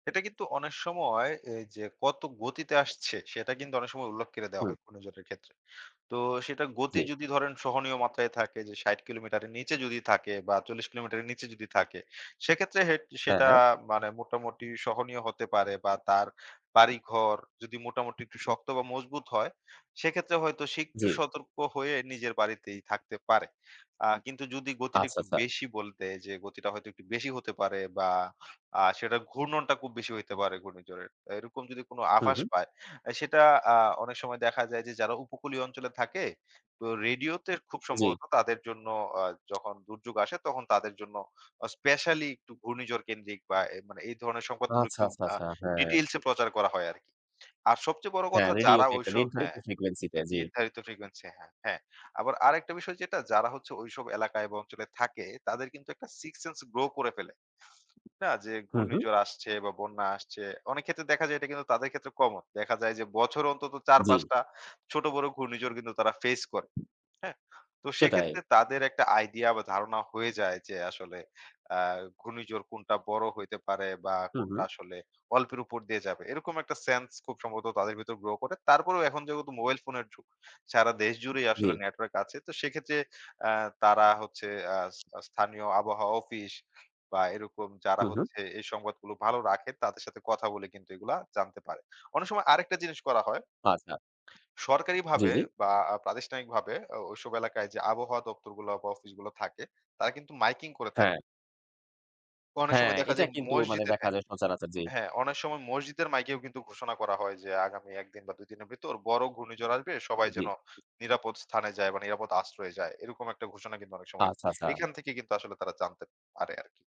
এটা কিন্তু অনেক সময় এইযে কত গতিতে আসছে সেটা কিন্তু অনেক সময় উল্লেখ করে দেওয়া হুম। হয় অন্যজনের ক্ষেত্রে। তো সেটার গতি জ্বী। যদি ধরেন সহনীয় মাত্রায় থাকে যে ৬০ কিলোমিটারের নিচে যদি থাকে বা, ৪০ কিলোমিটারের নিচে যদি থাকে। সেক্ষেত্রে হে হ্যাঁ, সেটা হ্যাঁ। মানে মোটামুটি সহনীয় হতে পারে। বা, তার বাড়িঘর যদি মোটামুটি একটু শক্ত বা, মজবুত হয়, সেক্ষেত্রে হয়তো সে একটু জ্বী। সতর্ক হয়ে নিজের বাড়িতেই থাকতে পারে। আ কিন্তু যদি গতিটা আচ্ছা, একটু আচ্ছা। বেশি বলতে, যে গতিটা হয়তো একটু বেশি হতে পারে বা, আ সেটার ঘূর্ণনটা খুব বেশি হইতে পারে ঘূর্ণিঝড়ের। আ এরকম যদি কোনো হু, আভাস হু। পায়, সেটা আ অনেক সময় দেখা যায়, যে যারা উপকূলীয় অঞ্চলে থাকে তো রেডিওতে খুব জ্বী। সম্ভবত তাদের জন্য আ যখন দুর্যোগ আসে, তখন তাদের জন্য আ স্পেশালী একটু ঘূর্ণিঝড় কেন্দ্রিক বা, এ মানে এই ধরনের সম্পদগুলো আচ্ছা, একটু আচ্ছা, আ আচ্ছা, হ্যাঁ। details এ প্রচার করা হয় আরকি। আর সবচেয়ে বড় হ্যাঁ, কথা, যারা রেডিওতে একটা ওইসো নির্ধারিত হ্যাঁ। frequency তে, জ্বী। নির্ধারিত frequency হ্যাঁ, হ্যাঁ। আবার আরেকটা বিষয় যেটা, যারা হচ্ছে ঐসব এলাকায় বা, অঞ্চলে থাকে, তাদের কিন্তু একটা sixth sense grow করে ফেলে। হা যে হু, হু। ঘূর্ণিঝড় আসছে বা, বন্যা আসছে। অনেকক্ষেত্রে দেখা যায় এটা কিন্তু তাদের ক্ষেত্রে কমন। দেখা যায় যে বছরে অন্তত চার, জ্বী। পাঁচ টা ছোট, বড় ঘূর্ণিঝড় কিন্তু তারা ফেস করে। হ্যাঁ? তো সেটায়। সেক্ষেত্রে তাদের একটা আইডিয়া বা, ধারণা হয়ে যায় যে, আসলে আ ঘূর্ণিঝড় কোনটা বড় হইতে পারে বা, হু, কোনটা হু। আসলে অল্পের উপর দিয়ে যাবে। এরকম একটা সেন্স খুব সম্ভবত তাদের ভিতর grow করে। তারপরেও এখন যেহেতু মোবাইল ফোনের যুগ। সারা দেশ জুড়েই আসলে জ্বী। নেটওয়ার্ক আছে। তো সেক্ষেত্রে আ তারা হচ্ছে আ আস স্থানীয় আবহাওয়া অফিস বা, এরকম যারা হু, হু। হচ্ছে এই সংবাদগুলো ভালো রাখে, তাদের সাথে কথা বলে কিন্তু এগুলো জানতে পারে। অনেক সময় আরেকটা জিনিস করা হয়। আচ্ছা। জ্বী, সরকারিভাবে জ্বী। বা, আ প্রাতিষ্ঠানিকভাবে ও ওইসব এলাকায় যে আবহাওয়া দপ্তরগুলো বা, অফিসগুলো থাকে, তারা কিন্তু মাইকিং করে থাকে। হ্যাঁ। তো অনেক হ্যাঁ, সময় দেখা এটা যায় কিন্তু মানে মসজিদের দেখা হ্যাঁ, যায় সচরাচর। জি। হ্যাঁ, অনেক সময় মসজিদের মাইকেও কিন্তু ঘোষণা করা হয় যে আগামী ১ দিন বা, ২ দিনের ভেতর বড় ঘূর্ণিঝড় আসবে, সবাই জ্বী। যেন নিরাপদ স্থানে যায় বা, নিরাপদ আশ্রয়ে যায়। এরকম একটা ঘোষণা কিন্তু অনেক সময় আচ্ছা, আচ্ছা। এখান থেকে কিন্তু আসলে তারা জানতে পারে আরকি।